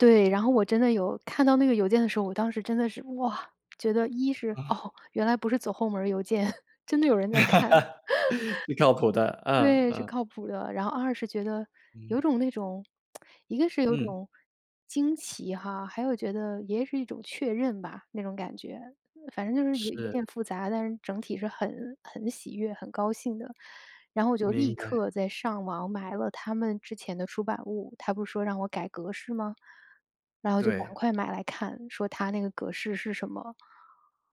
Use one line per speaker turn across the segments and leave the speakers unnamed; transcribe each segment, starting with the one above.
对，然后我真的有看到那个邮件的时候，我当时真的是，哇，觉得一是，
啊。
哦，原来不是走后门儿邮件，真的有人在看。
挺靠谱的，嗯，
对，是
嗯。
靠谱的。然后二是觉得
嗯。
有种那种 一个是有
嗯。
种惊奇哈，还有觉得也是一种确认吧，那种感觉。反正就是有有点
是。
复杂，但是整体是很很喜悦、很高兴的。然后我就立
明白。
刻在上网买了它们之前的出版物，它不是说让我改格式嘛？然后就赶
对。
快买来看，说它那个格式是什么。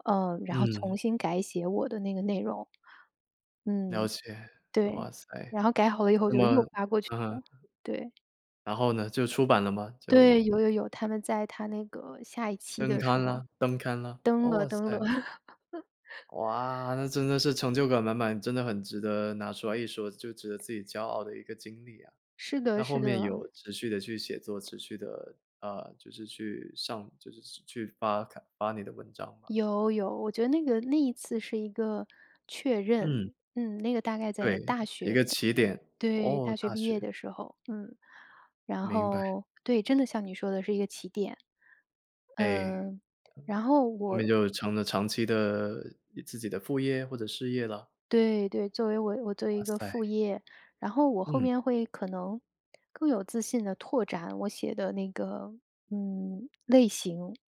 呃，然后重
嗯。
新改写我的那个内容，
了
嗯，
解，
对，
哇塞，
然后改好了以后
那
就
么
又发过去
嗯哼。
了，对。
然后呢，就出版了嘛，
对，
就
有有有，它们在它那个下一期
登
的时
刊
候。
了登刊了，
登了
哇
登了。
塞。哇，那真的是成就感满满，真的很值得拿出来一说，就值得自己骄傲的一个经历啊。
是的，
那后
是
面
的。
有持续地去写作，持续地，呃，就是去上就是去发看发你的文章吗？
有有，我觉得那个那一次是一个确
嗯。
认，嗯，那个大概
对，
在大
一
学
个
的，
起点，
对，
哦，
大学
大
毕业
学。
的时候。嗯，然
明白。
后对，真的像你说的是一个起点。
哎。
呃，然后
后面
我
就成了长期的自己的副业，或者事业了。
对对，作为我我作为
哇
一个
塞。
副业，然后我后
嗯。
面会可能更有自信地拓展我写的那个，嗯，类型。